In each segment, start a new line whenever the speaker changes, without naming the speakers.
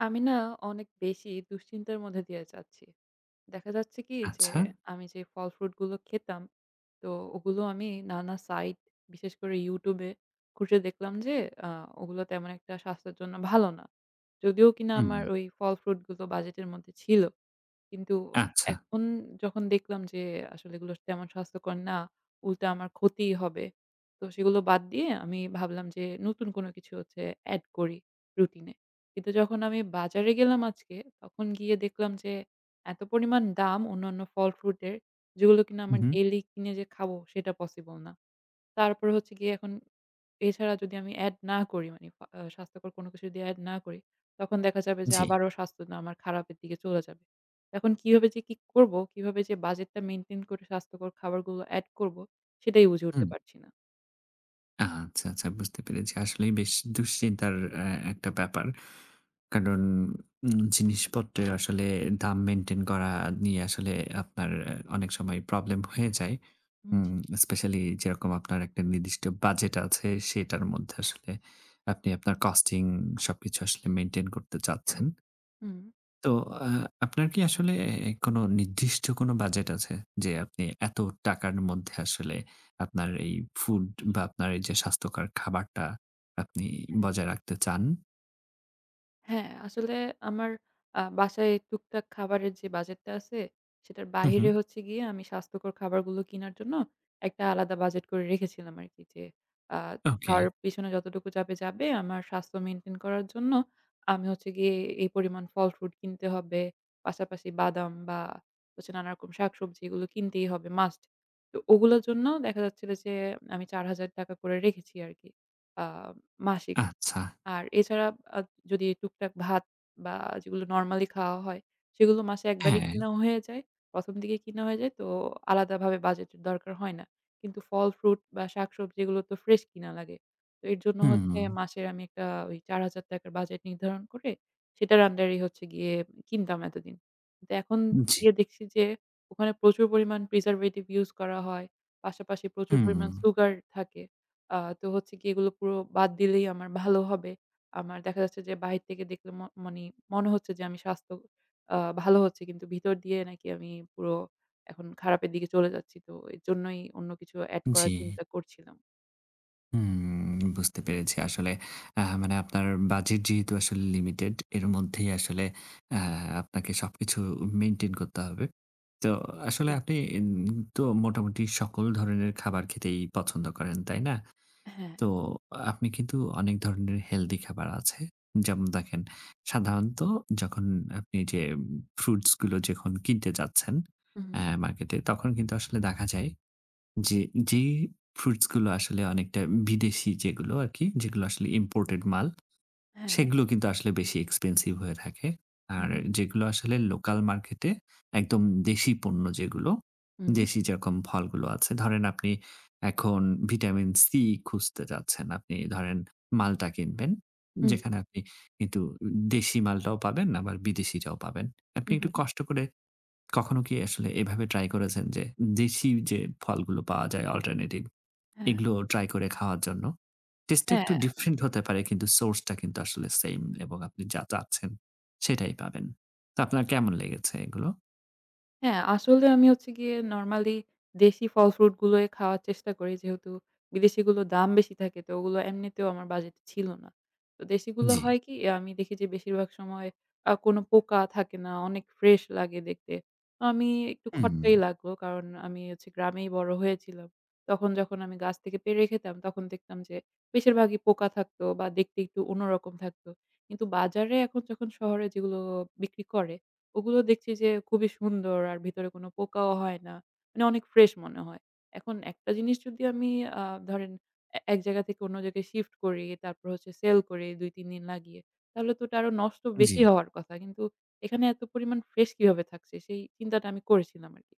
আমি না অনেক বেশি দুশ্চিন্তার মধ্যে দিয়ে যাচ্ছি। দেখা যাচ্ছে কি যে,
আচ্ছা?
আমি যে ফল-ফ্রুট গুলো খেতাম, তো ওগুলো আমি নানা সাইট বিশেষ করে YouTube এ খুঁজে দেখলাম যে আ ওগুলো তেমন একটা স্বাস্থ্যর জন্য ভালো না। যদিও কিনা আমার
হুম।
ওই ফল-ফ্রুট গুলো বাজেটের মধ্যে ছিল। কিন্তু
আচ্ছা।
এখন যখন দেখলাম যে, আসলে এগুলো তেমন স্বাস্থ্যকর না, উল্টা আমার ক্ষতিই হবে। তো সেগুলো বাদ দিয়ে আমি ভাবলাম যে নতুন কোন কিছু হচ্ছে add করি রুটিনে। কিন্তু যখন আমি বাজারে গেলাম আজকে, তখন গিয়ে দেখলাম যে, এত পরিমাণ দাম অন্যান্য ফল-ফ্রুট এর যেগুলো কিনা
হু,
আমার
হু।
ডেইলি কিনে যে খাবো সেটা পসিবল না। তারপরে হচ্ছে গিয়ে এখন এছাড়া যদি আমি add না করি মানে আ আ স্বাস্থ্যকর কোন কিছু যদি add না করি, তখন দেখা যাবে যে
জ্বি।
আবারও স্বাস্থ্যতা আমার খারাপের দিকে চলে যাবে। এখন কিভাবে যে কি করবো? কিভাবে যে বাজেট টা maintain করে স্বাস্থ্যকর খাবারগুলো add করব, সেটাই বুঝে উঠতে
হুম।
পারছি না।
আচ্ছা, আচ্ছা বুঝতে পেরেছি। আসলেই বেশ দুশ্চিন্তার অ্যা একটা ব্যাপার। কারণ উম জিনিসপত্রের আসলে দাম maintain করা নিয়ে আসলে আপনার অ্যা অনেক সময় প্রবলেম হয়ে যায়।
হুম,
উম
জ্বি।
Especially যেরকম আপনার একটা নির্দিষ্ট বাজেট আছে সেটার মধ্যে আসলে আপনি আপনার costing সবকিছু আসলে maintain করতে চাচ্ছেন।
হুম।
তো আ আপনার কি আসলে অ্যা অ্যা কোন নির্দিষ্ট কোন বাজেট আছে? যে আপনি এত টাকার মধ্যে আসলে আপনার এই ফুড বা আপনার এই যে স্বাস্থ্যকর খাবারটা আপনি
অ্যা
বজায় রাখতে চান?
হ্যাঁ আসলে আমার আ বাসায় টুকটাক খাবারের যে বাজেট টা আছে, সেটার
হু,
বাহিরে
হু।
হচ্ছে গিয়ে আমি স্বাস্থ্যকর খাবারগুলো কিনার জন্য, একটা আলাদা বাজেট করে রেখেছিলাম আরকি। যে আ
ওকে।
খাওয়ার পিছনে যতটুকু যাবে, যাবে, আমার স্বাস্থ্য maintain করার জন্য, আমি হচ্ছে গিয়ে এই পরিমাণ ফল-ফ্রুট কিনতে হবে। পাশাপাশি বাদাম বা হচ্ছে নানারকম শাকসবজি এগুলো কিনতেই হবে, must তো ওগুলোর জন্য দেখা যাচ্ছিলো যে আমি ৳৪,০০০ করে রেখেছি আরকি আ মাসিক।
আচ্ছা।
আর এছাড়া আ যদি টুকটাক ভাত বা যেগুলো নরমালি খাওয়া হয়, সেগুলো মাসে ১ বারই
হ্যাঁ।
কিনা হয়ে যায়, ১ম দিকে কিনা হয়ে যায়, তো আলাদাভাবে বাজেটের দরকার হয় না। কিন্তু ফল-ফ্রুট বা শাকসবজি এগুলো তো ফ্রেশ কিনা লাগে। এর জন্য হচ্ছে
হুম।
মাসের আমি একটা ওই ৳৪,০০০ র বাজেট নির্ধারণ করে, সেটার under এই হচ্ছে গিয়ে উম কিনতাম এতদিন। তা এখন
জ্বি।
গিয়ে দেখছি যে ওখানে প্রচুর পরিমাণ preservative use করা হয়, পাশাপাশি প্রচুর পরিমাণ
হুম।
সুগার থাকে। আ তো হচ্ছে গিয়ে এগুলো পুরো বাদ দিলেই আমার ভালো হবে। আমার দেখা যাচ্ছে যে বাহির থেকে দেখলে ম মনি মনে হচ্ছে যে, আমি স্বাস্থ্য আ ভালো হচ্ছে কিন্তু, ভিতর দিয়ে নাকি আমি পুরো এখন খারাপের দিকে চলে যাচ্ছি, তো এজন্যই অন্য কিছু add করার
জ্বি।
চিন্তা করছিলাম।
উম বুঝতে পেরেছি আসলে। আ মানে আপনার বাজেট যেহেতু আসলে লিমিটেড এর মধ্যেই আসলে আ আপনাকে সবকিছু মেইনটেইন করতে হবে। তো আসলে
জি।
আপনি এম তো মোটামুটি সকল ধরনের খাবার খেতেই পছন্দ করেন, তাই না?
অ্যা হ্যাঁ।
তো আপনি কিন্তু অনেক ধরণের হেলদি খাবার আছে। যেমন দেখেন সাধারণত যখন আপনি যে উম ফ্রুটসগুলো যখন কিনতে যাচ্ছেন
হুম,
অ্যা
হুম।
মার্কেটে, তখন কিন্তু আসলে দেখা যায় যে যেই ফ্রুটসগুলো আসলে অনেকটা বিদেশী যেগুলো আরকি, যেগুলো আসলে ইম্পোর্টেড মাল,
হ্যাঁ।
সেগুলো কিন্তু আসলে বেশি এক্সপেনসিভ হয়ে থাকে।
হুম,
আর
হুম।
যেগুলো আসলে লোকাল মার্কেটে একদম দেশী পণ্য যেগুলো,
হুম।
দেশী যেরকম ফলগুলো আছে, ধরেন আপনি এখন ভিটামিন সি খুঁজতে যাচ্ছেন, আপনি ধরেন মালটা কিনবেন।
হুম।
যেখানে আপনি কিন্তু উ দেশি মালটাও পাবেন বা বিদেশিটাও পাবেন। আপনি
হুম,
একটু
হুম, হুম।
কষ্ট করে কখনো কি আসলে এভাবে ট্রাই করেছেন যে, দেশী যে ফলগুলো পাওয়া যায় অল্টারনেটিভ,
হ্যাঁ।
এগুলোও ট্রাই করে খাওয়ার জন্য? টেস্টটা একটু
হ্যাঁ। অ্যা
ডিফরেন্ট হতে পারে কিন্তু, সোর্স টা কিন্তু আসলে সেইম এবং আপনি যা চাচ্ছেন সেটাই পাবেন। তা আপনার কেমন লেগেছে এগুলো?
হ্যাঁ আসলে আমি হচ্ছে গিয়ে নরমালি দেশি ফল-ফ্রুটগুলোই খাওয়ার চেষ্টা করি। যেহেতু বিদেশিগুলো দাম বেশি থাকে তো ওগুলো এমনিতেও আমার বাজেট ছিল না। ও দেশিগুলো
জি।
হয় কি? অ্যা আমি দেখি যে বেশিরভাগ সময় আ কোনো পোকা থাকে না, অনেক ফ্রেশ লাগে দেখতে। আমি একটু
হুম।
খটকাই লাগলো কারণ আমি হচ্ছি গ্রামেই বড় হয়েছিলাম। তখন যখন আমি গাছ থেকে পেড়ে খেতাম তখন দেখতাম যে বেশিরভাগই পোকা থাকতো বা দেখতে একটু অন্য রকম থাকতো। কিন্তু বাজারে এখন যখন শহরে যেগুলো বিক্রি করে, ওগুলো দেখছি যে খুবই সুন্দর আর ভিতরে কোনো পোকাও হয় না। মানে অনেক ফ্রেশ মনে হয়। এখন একটা জিনিস যদি আমি আ ধরেন, এ এক জায়গা থেকে অন্য জায়গায় শিফট করি, তারপর হচ্ছে সেল করি ২-৩ দিন লাগিয়ে, তাহলে তো ওটা আরো নষ্ট বেশি
জি।
হওয়ার কথা। কিন্তু এখানে এত পরিমাণ ফ্রেশ কিভাবে থাকছে, সেই চিন্তাটা আমি করেছিলাম আরকি।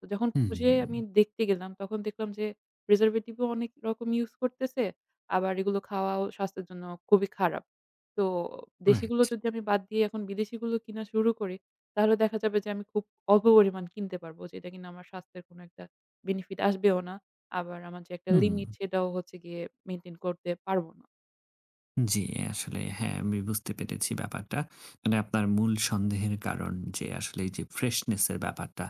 তো যখন খুঁজে আমি
হুম।
দেখতে গেলাম তখন দেখলাম যে প্রিজার্ভেটিভ ও অনেক রকম ইউজ করতেছে, আবার এগুলো খাওয়াও স্বাস্থ্যের জন্য খুবই খারাপ। তো
রাইট।
দেশিগুলো যদি আমি বাদ দিয়ে এখন বিদেশিগুলো কিনা শুরু করি তাহলে দেখা যাবে যে আমি খুব অল্পপরিমাণ কিনতে পারবো যেটা কিনা আমার স্বাস্থ্যের কোনো একটা বেনিফিট আসবেও না। আবার আমার যে একটা
হুম।
লিমিট সেটাও হচ্ছে গিয়ে মেইনটেইন করতে পারবো না।
জ্বি, আসলে হ্যাঁ, আমি বুঝতে পেরেছি ব্যাপারটা। মানে আপনার মূল সন্দেহের কারণ যে, আসলে এইযে freshness এর ব্যাপারটা,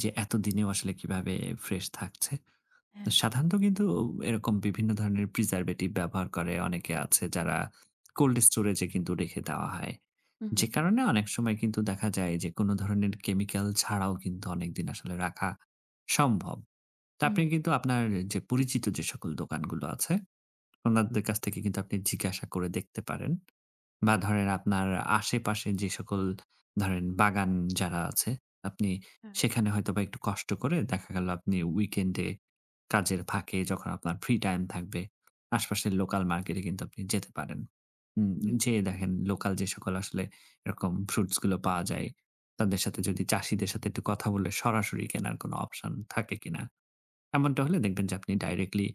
যে এতদিনেও আসলে কিভাবে ফ্রেশ থাকছে? তো
হ্যাঁ।
সাধারণত কিন্তু ঔ এরকম বিভিন্ন ধরণের preservative ব্যবহার করে, অনেকে আছে যারা cold storage এ কিন্তু রেখে দেওয়া হয়।
হুম,
যে
হুম।
কারণে অনেক সময় কিন্তু দেখা যায় যে, কোন ধরনের chemical ছাড়াও কিন্তু অনেকদিন আসলে রাখা সম্ভব। তা আপনি
উম-হুম।
কিন্তু আপনার যে পরিচিত যে সকল দোকানগুলো আছে, ওনাদের কাছ থেকে কিন্তু আপনি জিজ্ঞাসা করে দেখতে পারেন, বা
হুম।
ধরেন আপনার আশেপাশে যে সকল, ধরেন বাগান যারা আছে, আপনি
হ্যাঁ।
সেখানে হয়তোবা একটু কষ্ট করে দেখা গেল আপনি weekend এ, কাজের ফাঁকে যখন আপনার ফ্রি টাইম থাকবে, আশপাশের লোকাল মার্কেটে কিন্তু আপনি যেতে পারেন। উম উম
হুম।
যেয়ে দেখেন লোকাল যেসকল আসলে এরকম ফ্রুটস গুলো পাওয়া যায়, তাদের সাথে যদি চাষীদের সাথে একটু কথা বলে সরাসরি কেনার কোনো অপশন থাকে কিনা? এমনটা হলে দেখবেন যে, আপনি directly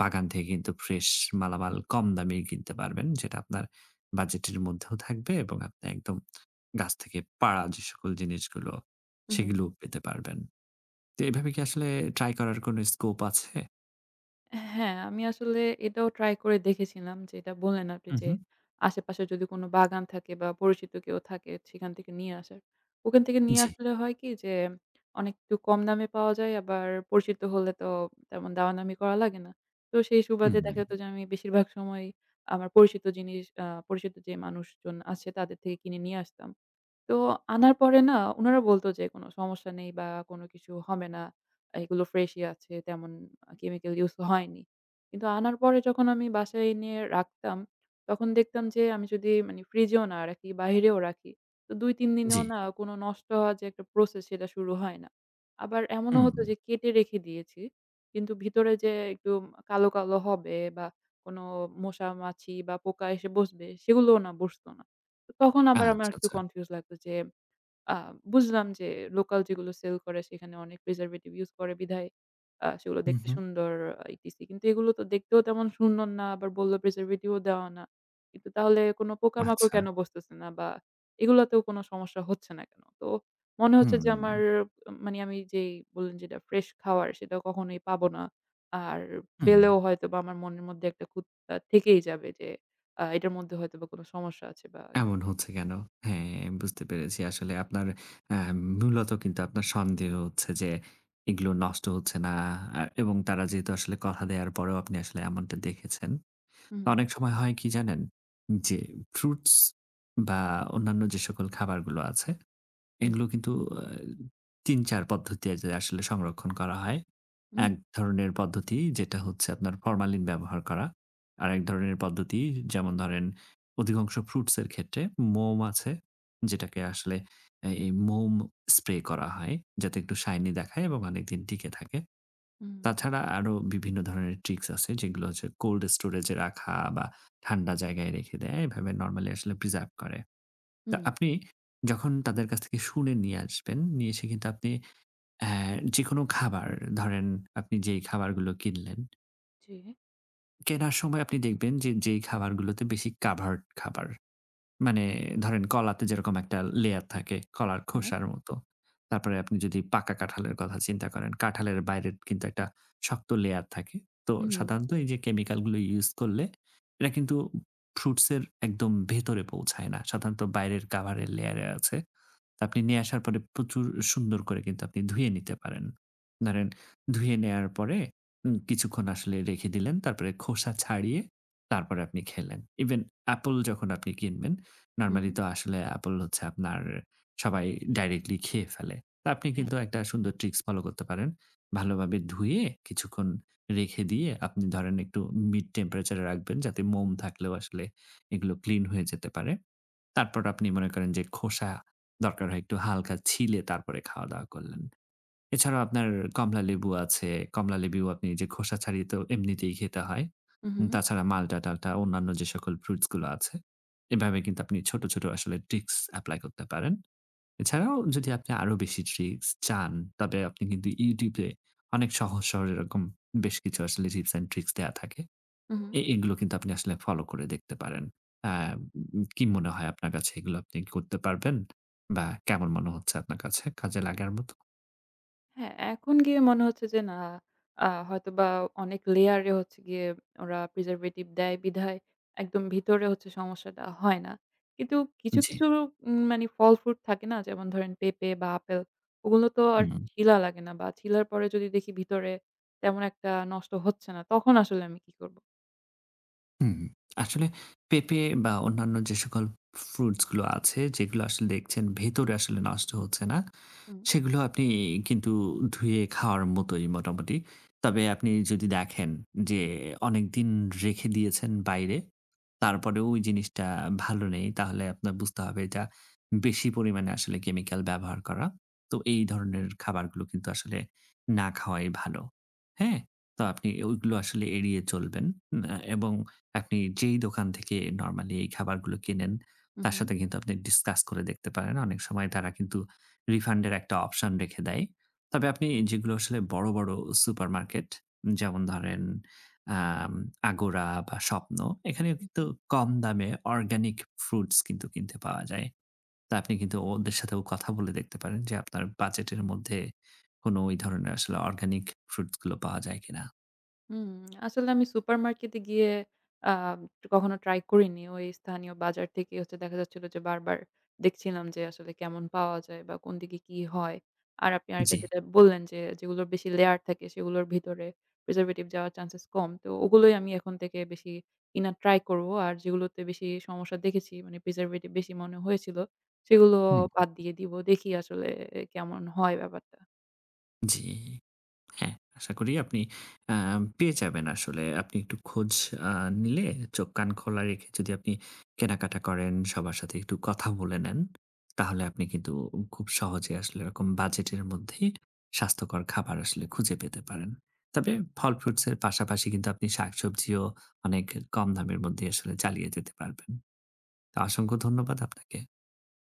বাগান থেকে কিন্তু ফ্রেশ মালামাল কম দামেই কিনতে পারবেন, যেটা আপনার বাজেটের মধ্যেও থাকবে এবং আপনি একদম গাছ থেকে পাড়া যে সকল জিনিসগুলো,
হুম, হুম।
সেগুলোও পেতে পারবেন। তে এভাবে কি আসলে ট্রাই করার কোন scope আছে?
অ্যা হ্যাঁ, আমি আসলে এটাও ট্রাই করে দেখেছিলাম যেটা বললেন আপনি যে,
উম-হুম।
"আশেপাশে যদি কোন বাগান থাকে বা পরিচিত কেউ থাকে, সেখান থেকে নিয়ে আসার।" ওখান থেকে নিয়ে
জি।
আসলে হয় কি? যে অনেকটুকু কম দামে পাওয়া যায় আবার পরিচিত হলে তো, তেমন দামা-দামি করা লাগে না। তো সেই সুবাদে
হুম।
দেখা যেত যে, আমি বেশিরভাগ সময়ই আমার পরিচিত জিনিস আ পরিচিত যে মানুষজন আছে তাদের থেকে কিনে নিয়ে আসতাম। তো আনার পরে না, উনারা বলত যে, "কোন সমস্যা নেই বা কোনো কিছু হবে না। এগুলো ফ্রেশই আছে। তেমন আ chemical use ক হয়নি।" কিন্তু আনার পরে যখন আমি বাসায় এনে রাখতাম, তখন দেখতাম যে, আমি যদি মানি ফ্রিজেও না রাখি, বাহিরেও রাখি, তো ২-৩ দিনেও
জি।
না কোন নষ্ট হওয়ার যে একটা প্রসেস, সেটা শুরু হয় না। আবার এমনও হত
হুম।
যে কেটে রেখে দিয়েছি। কিন্তু ভিতরে যে একটু কালো, কালো হবে বা কোন মশা, মাছি বা পোকা এসে বসবে, সেগুলোও না বসত না। তো তখন আবার আমার
আচ্ছা,
একটু
আচ্ছা।
কনফিউজ লাগতো যে, "আ বুঝলাম যে লোকাল যেগুলো সেল করে সেখানে অনেক preservative use করে বিধায়, আ সেগুলো
হুম,
দেখতে
হুম।
সুন্দর আ ইটিসি। কিন্তু এগুলো তো দেখতেও তেমন সুন্দর না। আবার বলল, preservative ও দেওয়া না। কিন্তু তাহলে কোন পোকামাকড়
আচ্ছা।
কেন বসতেছে না? বা এগুলাতেও কোন সমস্যা হচ্ছে না কেন? তো মনে হচ্ছে যে, আমার
হুম।
আ মানে আমি যেই বললেন যেটা ফ্রেশ খাওয়ার সেটা কখনোই পাবো না। আর
হুম।
পেলেও হয়তো বা আমার মনের মধ্যে একটা খুত তা থেকেই যাবে যে, "আ এইটার মধ্যে হয়তোবা কোন সমস্যা আছে বা কি"
এমন হচ্ছে কেন? হ্যাঁ বুঝতে পেরেছি। আসলে আপনার অ্যা মূলত কিন্তু আপনার সন্দেহ হচ্ছে যে, এগুলো নষ্ট হচ্ছে না আর এবং তারা যেহেতু কথা দেওয়ার পরেও আপনি আসলে এমনটা দেখেছেন।
হু, হু।
অনেক সময় হয় কি জানেন? যে ফ্রুটস বা অন্যান্য যে সকল খাবারগুলো আছে,
জি।
এগুলো কিন্তু আ ৩-৪ পদ্ধতিতে আসলে সংরক্ষণ করা হয়।
হুম।
এক ধরনের পদ্ধতি যেটা হচ্ছে আপনার, ফরমালিন ব্যবহার করা। আরেক ধরনের পদ্ধতি যেমন ধরেন, অধিকাংশ ফ্রুটস এর ক্ষেত্রে, মোম আছে যেটাকে আসলে এই মোম স্প্রে করা হয়। যাতে একটু শাইনি দেখায় এবং অনেকদিন টিকে থাকে।
হুম।
তাছাড়া আরো বিভিন্ন ধরনের ট্রিকস আছে যেগুলো হচ্ছে, cold storage এ রাখা বা ঠান্ডা জায়গায় রেখে দেয়, এভাবে নরমালি preserve করে। তা
হুম।
আপনি যখন তাদের কাছ থেকে শুনে নিয়ে আসবেন, নিয়ে এসে কিন্তু আপনি অ্যা যেকোনো খাবার ধরেন আপনি যেই খাবারগুলো কিনলেন
জি।
কেনার সময় আপনি দেখবেন যে যেই খাবারগুলোতে বেশি covered খাবার। মানে ধরেন কলাতে যেরকম একটা লেয়ার থাকে, কলার
হ্যাঁ।
খোসার মতো। তারপরে আপনি যদি পাকা কাঁঠালের কথা চিন্তা করেন, কাঁঠালের বাইরের কিন্তু একটা শক্ত লেয়ার থাকে তো
উম-হুম।
সাধারণত এই যে chemical গুলো use করলে এটা কিন্তু ফ্রুটস এর একদম ভেতরে পৌঁছায় না সাধারণত বাইরের কাভারের লেয়ারে আছে। তা আপনি নিয়ে আসার পরে প্রচুর সুন্দর করে কিন্তু আপনি ধুয়ে নিতে পারেন। ধরেন ধুয়ে নেয়ার পরে উম কিছুক্ষণ আসলে রেখে দিলেন, তারপরে খোসা ছাড়িয়ে তারপরে আপনি খেলেন। Even অ্যাপল যখন আপনি কিনবেন
হুম।
নরমালি তো আসলে অ্যাপল হচ্ছে আপনার সবাই directly খেয়ে ফেলে। তো আপনি কিন্তু
হ্যাঁ।
একটা সুন্দর ট্রিকস ফলো করতে পারেন। ভালোভাবে ধুয়ে কিছুক্ষণ রেখে দিয়ে আপনি ধরেন একটু mid temperature এ রাখবেন যাতে মোম থাকলেও আসলে এগুলো ক্লিন হয়ে যেতে পারে। তারপর আপনি মনে করেন যে, খোসা দরকার হয় একটু হালকা ছিলে তারপরে খাওয়া-দাওয়া করলেন। এছাড়াও আপনার কমলালেবু আছে, কমলালেবুও আপনি যে খোসা ছাড়িয়ে তো এমনিতেই খেতে হয়। উম
উ-হুম।
তাছাড়া মাল্টা-টাল্টা অন্যান্য যে সকল ফ্রুটস গুলো আছে, এভাবে কিন্তু আপনি ছোট, ছোট আসলে tricks apply করতে পারেন। এছাড়াও যদি আপনি আরো বেশি ট্রিকস চান তবে আপনি কিন্তু YouTube এ অনেক সহজ-সরল এরকম বেশ কিছু আসলে tips and tricks দেওয়া থাকে।
হু, হু।
এ এগুলো কিন্তু আপনি আসলে ফলো করে দেখতে পারেন আম উম উ কী মনে হয় আপনার কাছে? এগুলো আপনি করতে পারবেন? বা কেমন মনে হচ্ছে আপনার কাছে কাজে লাগার মতো?
হ্যাঁ এখন গিয়ে মনে হচ্ছে যে, "না আ হয়তোবা অনেক লেয়ারে হচ্ছে গিয়ে ওরা preservative দেয় বিধায় একদম ভিতরে হচ্ছে সমস্যাটা হয় না।" কিন্তু কিছু,
জ্বি।
কিছু উম মানি ফল fruit থাকে না? যেমন ধরেন পেঁপে বা আপেল, ওগুলো তো আর
হুম।
ছিলা লাগে না, বা ছিলার পরে যদি দেখি ভিতরে তেমন একটা নষ্ট হচ্ছে না, তখন আসলে আমি কী করব?
হুম, আসলে পেঁপে বা অন্যান্য যে সকল fruits গুলো আছে, যেগুলো আসলে দেখছেন ভেতরে আসলে নষ্ট হচ্ছে না,
হুম।
সেগুলো আপনি কিন্তু ধুয়ে খাওয়ার মতোই মোটামুটি। তবে আপনি যদি দেখেন, যে অনেকদিন রেখে দিয়েছেন বাইরে, তারপরেও ঐ জিনিসটা ভালো নেই, তাহলে আপনার বুঝতে হবে, এটা বেশি পরিমাণে আসলে chemical ব্যবহার করা। তো এই ধরনের
উহু।
খাবারগুলো কিন্তু আসলে না খাওয়াই ভালো, হ্যাঁ? তো আপনি ওইগুলো আসলে এড়িয়ে চলবেন। ম্যা এবং আপনি যেই দোকান থেকে নরমালি এই খাবারগুলো কেনেন, তার
উহু।
সাথে কিন্তু আপনি discuss করে দেখতে পারেন, অনেক সময় তারা কিন্তু refund এর একটা অপশন রেখে দেয়। তবে আপনি
হ্যাঁ, হ্যাঁ।
যেগুলো আসলে বড়, বড় supermarket যেমন ধরেন আম Agora বা Shwapno, এখানেও
হু,
কিন্তু
হু।
কম দামে organic fruits কিন্তু কিনতে পাওয়া যায়। তা আপনি কিন্তু ওদের সাথেও কথা বলে দেখতে পারেন, যে আপনার বাজেটের মধ্যে কোনো ঐ ধরনের আসলে organic fruits গুলো পাওয়া যায় কিনা?
হুম, আসলে আমি supermarket এ গিয়ে আম কখনো ট্রাই করিনি। ঐ স্থানীয় বাজার থেকেই হচ্ছে দেখা যাচ্ছিল যে, বারবার দেখছিলাম যে আসলে কেমন পাওয়া যায় বা কোন দিকে কি হয়? আর আপনি আরেকটা
জ্বি।
যেটা বললেন যে, যেগুলোর বেশি লেয়ার থাকে, সেগুলোর ভিতরে preservative যাওয়ার চান্সেস কম। তো ওগুলোই আমি এখন থেকে বেশি কিনার ট্রাই করব। আর যেগুলোতে বেশি সমস্যা দেখেছি, মানে preservative বেশি মনে হয়েছিল, সেগুলো
হুম।
বাদ দিয়ে দিবো। দেখি আসলে অ্যা কেমন হয় ব্যাপারটা?
জি। হ্যাঁ, আশা করি আপনি আম পেয়ে যাবেন আসলে। আপনি একটু খোঁজ আ নিলে, চোখ, কান খোলা রেখে যদি আপনি কেনাকাটা করেন, সবার সাথে একটু কথা বলে নেন, তাহলে আপনি কিন্তু উ খুব সহজে আসলে ওরকম বাজেটের মধ্যেই স্বাস্থ্যকর খাবার আসলে খুঁজে পেতে পারেন।
হুম।
তবে ফল fruits এর পাশাপাশি কিন্তু আপনি শাকসবজিও অনেক কম দামের মধ্যেই আসলে চালিয়ে যেতে পারবেন। তা অসংখ্য ধন্যবাদ আপনাকে।